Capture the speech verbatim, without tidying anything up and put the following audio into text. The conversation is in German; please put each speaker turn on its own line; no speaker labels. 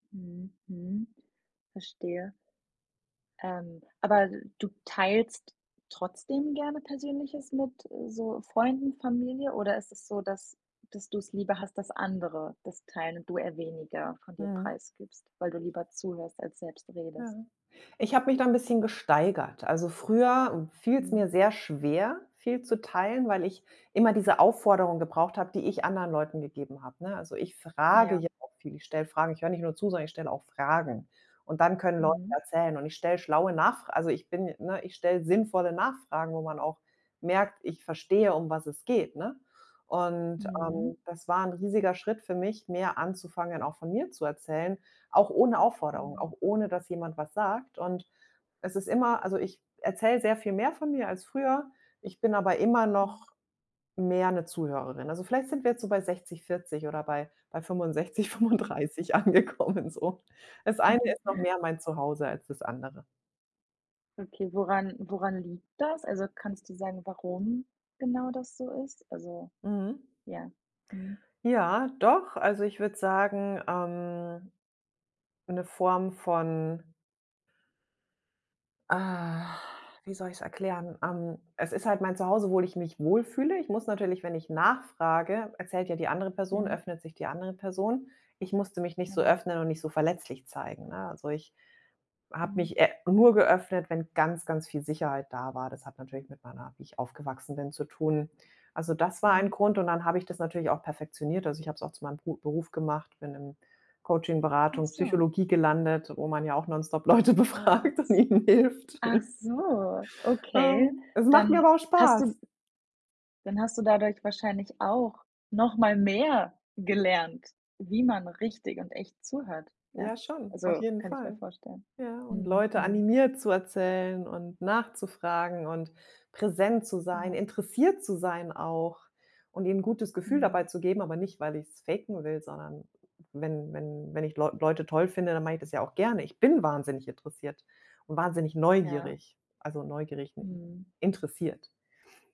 Mhm, mhm. Verstehe. Ähm, aber d du teilst trotzdem gerne Persönliches mit so Freunden, Familie oder ist es so, dass dass du's lieber hast, dass andere das teilen und du eher weniger von dir
Mhm.
preisgibst, weil du lieber zuhörst als selbst
Ja.
redest?
Ich habe mich da 'n bisschen gesteigert. Also, früher fiel's mir
Mhm.
sehr schwer, viel zu teilen, weil ich immer diese Aufforderung gebraucht habe, die ich anderen Leuten gegeben habe, ne? Also, ich frage
Ja.
ja auch viel, ich stelle Fragen ich höre nicht nur zu, sondern ich stelle auch Fragen und dann können Leute
Mhm.
erzählen und ich stelle schlaue Nachfra also, ich bin ne, ich stelle sinnvolle Nachfragen, wo man auch merkt, ich verstehe, um was es geht, ne, und,
Mhm.
ähm, das war 'n riesiger Schritt für mich, mehr anzufangen, auch von mir zu erzählen, auch ohne Aufforderung,
Mhm.
auch ohne, dass jemand was sagt und es ist immer also, ich erzähle sehr viel mehr von mir als früher, ich bin aber immer
Mhm.
noch mehr 'ne Zuhörerin. Also, vielleicht sind wir jetzt so bei sechzig vierzig oder bei bei fünfundsechzig
Mhm.
fünfunddreißig angekommen, so. Das Eine ist
Mhm.
noch mehr mein Zuhause als das Andere.
Okay, woran woran liegt das? Also, kannst du sagen, warum genau das so ist? Also
Mhm.
ja. Mhm.
Ja, doch. Also, ich würde sagen, ähm, 'ne Form von ah, wie soll ich's erklären? Ähm, es ist halt mein Zuhause, wohl ich mich wohlfühle. Ich muss natürlich wenn ich nachfrage, erzählt ja die andere Person,
Mhm.
öffnet sich die andere Person. Ich musste mich nicht so
Genau.
öffnen und nicht so verletzlich zeigen, ne? Also, ich habe
Mhm.
mich e nur geöffnet, wenn ganz, ganz viel Sicherheit da war. Das hat natürlich mit meiner wie ich aufgewachsen bin, zu tun. Also, das war ein
Mhm.
Grund und dann habe ich das natürlich auch perfektioniert. Also, ich habe es auch zu meinem Bru Beruf gemacht, bin im Coachin,
Ach
Beratung
so.
Psychologie gelandet, wo man ja auch nonstop Leute
Oh, ach
befragt und
s
ihnen hilft.
ach so. Okay,
Ähm, es macht mir
dann
aber auch
hast
Spaß.
du Dann hast du dadurch wahrscheinlich auch noch mal mehr gelernt, wie man richtig und echt zuhört,
Ja,
ja?
schon, auf
Also,
jeden
kann ich mir
Fall.
vorstellen.
Ja, und
Mhm,
Leute
mhm.
animiert, zu erzählen und nachzufragen und präsent zu sein,
Genau.
interessiert zu sein auch und ihnen 'n gutes Gefühl dabei
Mhm.
zu geben. Aber nicht, weil ich's faken will, sondern wenn wenn wenn ich Leu Leute toll finde, dann mache ich das ja auch gerne. Ich bin wahnsinnig interessiert und wahnsinnig
Ja.
neugierig, also, neugierig n
Mhm.
interessiert.